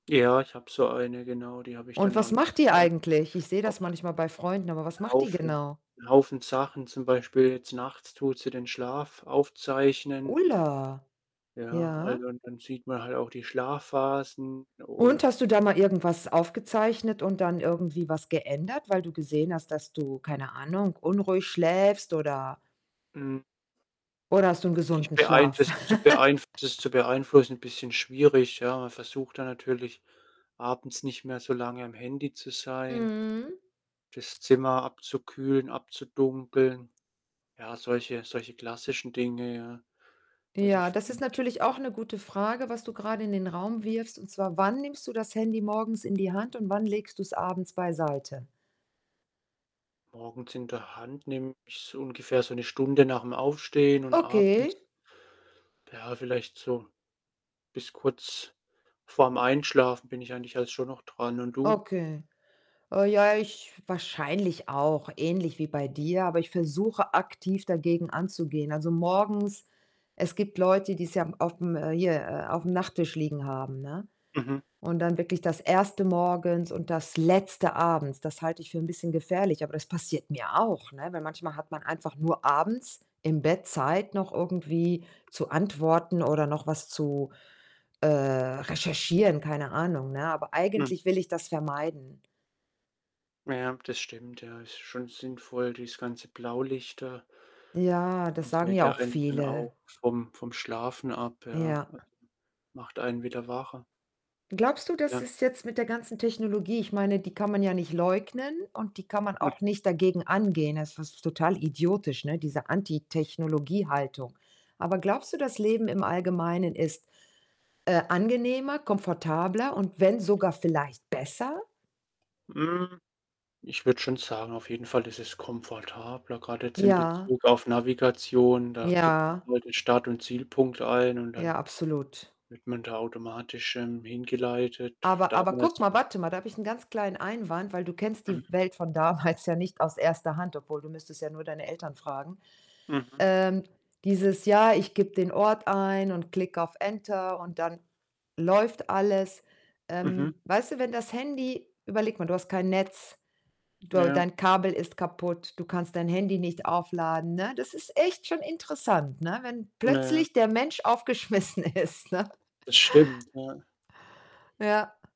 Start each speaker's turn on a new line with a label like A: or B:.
A: Ja, ich habe so eine, genau, die habe ich
B: Und
A: dann auch
B: was macht die
A: nachts an.
B: eigentlich? Ich sehe
A: Auch
B: das manchmal bei Freunden, aber
A: 'n
B: was macht die
A: Haufen
B: genau?
A: 'n Haufen Sachen, zum Beispiel jetzt nachts tut sie den Schlaf aufzeichnen.
B: Ulla.
A: Ja,
B: Ja.
A: also, und dann sieht man halt auch die Schlafphasen
B: Und
A: und
B: hast du da mal irgendwas aufgezeichnet und dann irgendwie was geändert, weil du gesehen hast, dass du keine Ahnung, unruhig schläfst oder
A: Hm.
B: oder hast du 'n
A: Ich
B: gesunden
A: beein
B: Schlaf?
A: das zu beeinf das zu beeinflussen, bisschen schwierig, ja, man versucht da natürlich abends nicht mehr so lange am Handy zu sein,
B: Mhm.
A: das Zimmer abzukühlen, abzudunkeln. Ja, solche solche klassischen Dinge, ja, also,
B: Ja,
A: ich
B: das ist
A: finde
B: natürlich auch 'ne gute Frage, was du grade in den Raum wirfst und zwar wann nimmst du das Handy morgens in die Hand und wann legst du's abends beiseite?
A: Morgens in der Hand nehme ich's ungefähr so 1 Stunde nach'm Aufstehen und abends,
B: Okay.
A: ja, vielleicht so bis kurz vorm Einschlafen bin ich eigentlich halt schon noch dran, und du?
B: Okay. Oh ja, ich wahrscheinlich auch ähnlich wie bei dir, aber ich versuche, aktiv dagegen anzugehen. Also, morgens es gibt Leute, die's ja m aufm, äh hier, äh, aufm Nachttisch liegen haben, ne,
A: Mhm.
B: und dann wirklich das 1. morgens und das Letzte abends. Das halte ich für 'n bisschen gefährlich, aber das passiert mir auch, ne? Weil manchmal hat man einfach nur abends im Bett Zeit, noch irgendwie zu antworten oder noch was zu, äh, recherchieren, keine Ahnung, ne? Aber
A: Hm.
B: eigentlich will ich das vermeiden.
A: Ja, das stimmt, ja, ist schon sinnvoll, dieses ganze Blaulichter.
B: Ja,
A: Also,
B: das
A: das
B: sagen
A: hält
B: ja
A: ja
B: auch
A: einen dann
B: viele.
A: auch vom vom Schlafen ab, ja.
B: Ja.
A: [unintelligible] Macht einen wieder wacher.
B: Glaubst du, das
A: Ja.
B: ist jetzt mit der ganzen Technologie ich meine, die kann man ja nicht leugnen und die kann man auch nicht dagegen angehen. Das ist total idiotisch, ne, diese Anti-Technologie-Haltung. Aber glaubst du, das Leben im Allgemeinen ist, äh, angenehmer, komfortabler und wenn sogar vielleicht besser?
A: Hm, ich würde schon sagen, auf jeden Fall ist es komfortabler, grad jetzt in
B: Ja.
A: Bezug auf Navigation. Da gibt man
B: Ja.
A: halt den Start und Zielpunkt ein und dann
B: Ja, absolut.
A: wird man da automatisch, irgendwie hingeleitet.
B: Aber aber gucke
A: Damals
B: mal warte mal, da habe ich 'nen ganz kleinen Einwand, weil du kennst die
A: [unintelligible]
B: Welt von damals ja nicht aus 1. Hand obwohl, du müsstest ja nur deine Eltern fragen.
A: Mhm.
B: Ähm, dieses Jahr, ich gebe den Ort ein und klick auf Enter und dann läuft alles.
A: Mhm.
B: Ähm, weißt du, wenn das Handy überleg mal, du hast kein Netz, du
A: Ja.
B: dein Kabel ist kaputt, du kannst dein Handy nicht aufladen, ne? Das ist echt schon interessant, ne, wenn
A: Naja.
B: plötzlich der Mensch aufgeschmissen ist, ne?
A: Das stimmt, ja.
B: Ja.